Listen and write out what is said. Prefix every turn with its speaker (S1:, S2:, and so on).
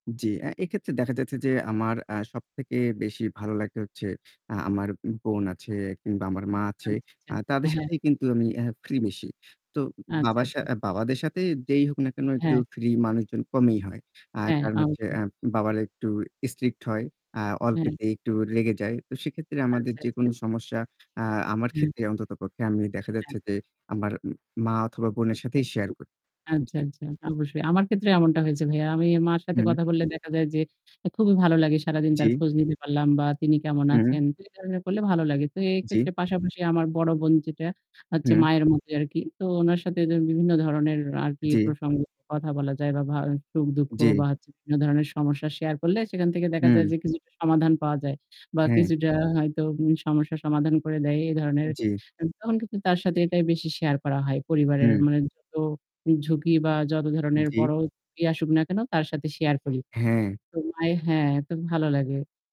S1: জি। অ্যা এক্ষেত্রে দেখা যাচ্ছে যে আমার অ্যা সবথেকে বেশি ভালো লাগে হচ্ছে, অ্যা আমার বোন আছে কিংবা আমার মা আছে।
S2: আচ্ছা, আচ্ছা
S1: অ্যা তাদের
S2: হ্যাঁ।
S1: সাথেই কিন্তু আমি অ্যা ফ্রি বেশি। তো
S2: আচ্ছা,
S1: বাবার সা
S2: আচ্ছা।
S1: বাবাদের সাথে যেই হোক না কেন একটু
S2: হ্যাঁ।
S1: ফ্রি মানুষজন কমই হয়। আর
S2: হ্যাঁ
S1: কারণ হচ্ছে
S2: অবশ্যই।
S1: আ বাবারা একটু স্ট্রিক্ট হয়, আ
S2: হুম।
S1: অল্পতেই একটু রেগে যায়। তো সেক্ষেত্রে
S2: আচ্ছা,
S1: আমাদের
S2: আচ্ছা।
S1: যেকোনো সমস্যা, আ আমার
S2: হুম।
S1: ক্ষেত্রে অন্ততপক্ষে আমি দেখা যাচ্ছে
S2: হ্যাঁ।
S1: যে আমার মা অথবা বোনের সাথেই শেয়ার করি।
S2: আচ্ছা,
S1: জি।
S2: আচ্ছা। অবশ্যই। আমার ক্ষেত্রে এমনটা হয়েছে ভাইয়া। আমি মার সাথে
S1: হুম।
S2: কথা বললে দেখা যায় যে খুবই ভালো লাগে সারাদিন তার
S1: জি।
S2: খোঁজ নিতে পারলাম বা তিনি কেমন
S1: হুম।
S2: আছেন? এ কাজ গুলো করলে ভালো লাগে। তো
S1: জি।
S2: এক্ষেত্রে পাশাপাশি আমার বড় বোন যেটা, হচ্ছে
S1: হুম।
S2: মায়ের মতো আরকি। তো উনার সাথে বিভিন্ন ধরনের আর কি
S1: জি।
S2: প্রসঙ্গ কথা বলা যায় বা ভা সুখ-দুঃখ
S1: জি।
S2: বা বিভিন্ন ধরনের সমস্যা শেয়ার করলে সেখান থেকে দেখা যায়
S1: হুম।
S2: যে কিছুটা সমাধান পাওয়া যায়। বা
S1: হ্যাঁ।
S2: কিছুটা হয়তো সমস্যার সমাধান করে দেয় এ ধরনের।
S1: জি।
S2: আ তখন কিন্তু তার সাথে এটাই বেশি শেয়ার করা হয় পরিবারের
S1: হুম।
S2: মানে যত ঝুঁকি বা যত ধরনের
S1: জি।
S2: বড় ঝুঁকি আসুক না কেন, তার সাথে শেয়ার করি।
S1: হ্যাঁ।
S2: তো মায়ের হ্যাঁ, তো ভালো লাগে।